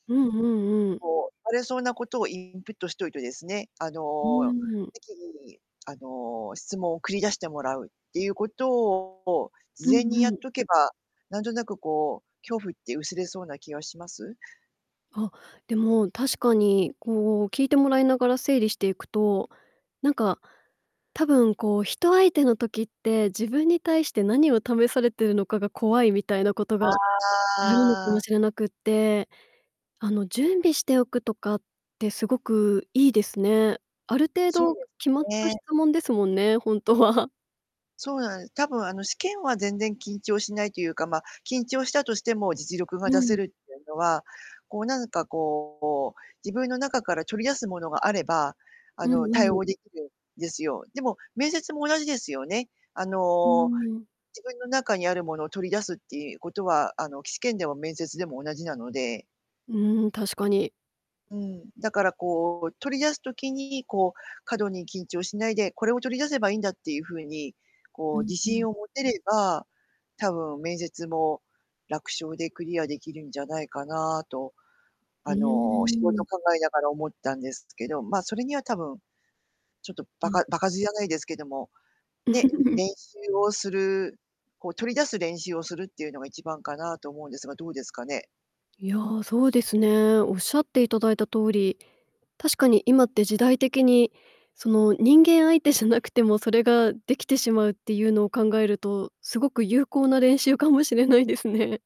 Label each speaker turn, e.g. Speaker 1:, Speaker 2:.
Speaker 1: うんうんうん。
Speaker 2: そう、聞かれそうなことをインプットしといてですね、あ
Speaker 1: う
Speaker 2: の、
Speaker 1: ーん。
Speaker 2: 適宜に、あの、質問を繰り出してもらうっていうことを、
Speaker 1: う
Speaker 2: 事前
Speaker 1: ん
Speaker 2: にや
Speaker 1: う
Speaker 2: っ
Speaker 1: ん。
Speaker 2: とけば、なんとなくこう、恐怖って薄れそうな気はします？
Speaker 1: あ、でも、確かに、こう聞いてもらいながら整理していくと、なんか、多分こう、人相手の時って、自分に対して何を試されているのかが怖いみたいなことがあるのか
Speaker 2: あ
Speaker 1: も
Speaker 2: あ。
Speaker 1: しれなくって、あの、準備しておくとかってすごくいいですね。ある程
Speaker 2: そう
Speaker 1: 度
Speaker 2: で
Speaker 1: 決まっ
Speaker 2: す
Speaker 1: た質
Speaker 2: ね。
Speaker 1: 問ですもんね、ほんとは。
Speaker 2: そうなん多分あの、試験は全然緊張しないというか、ま、緊張したとしても実力が
Speaker 1: う
Speaker 2: 出せ
Speaker 1: ん。
Speaker 2: るってのは、こう、なんかこう、自分の中から取り出すものがあれば、あ
Speaker 1: う
Speaker 2: の、
Speaker 1: ん
Speaker 2: 対
Speaker 1: うん。
Speaker 2: 応出来るんですよ。でも面接も同じですよね。あ
Speaker 1: うー
Speaker 2: の、
Speaker 1: ん。
Speaker 2: 自分の中にあるものを取り出すっていうことは、あの、き試験でも面接でも同じなので。
Speaker 1: うん、確かに。
Speaker 2: うん。だからこう、取り出す時に、こう、過度に緊張しないで、これを取り出せばいいんだっていう風に、こ
Speaker 1: う
Speaker 2: う、
Speaker 1: ん、
Speaker 2: 自
Speaker 1: ふん。
Speaker 2: 信を持てれば、多分面接も、楽勝でクリア出来るんじゃないかなと、
Speaker 1: う
Speaker 2: あの、仕
Speaker 1: ーん。
Speaker 2: 事考えながら思ったんですけど、ま、それには多分ちょっとば
Speaker 1: うん。
Speaker 2: か場数じゃないですけども、ね、練習をする、こう取り出す練習をするっていうのが一番かなと思うんですが、どうですかね。
Speaker 1: いや、そうですね。仰っていただいた通り、確かに今って時代的に、その、人間相手じゃなくてもそれができてしまうっていうのを考えると、すごく有効な練習かもしれないですね。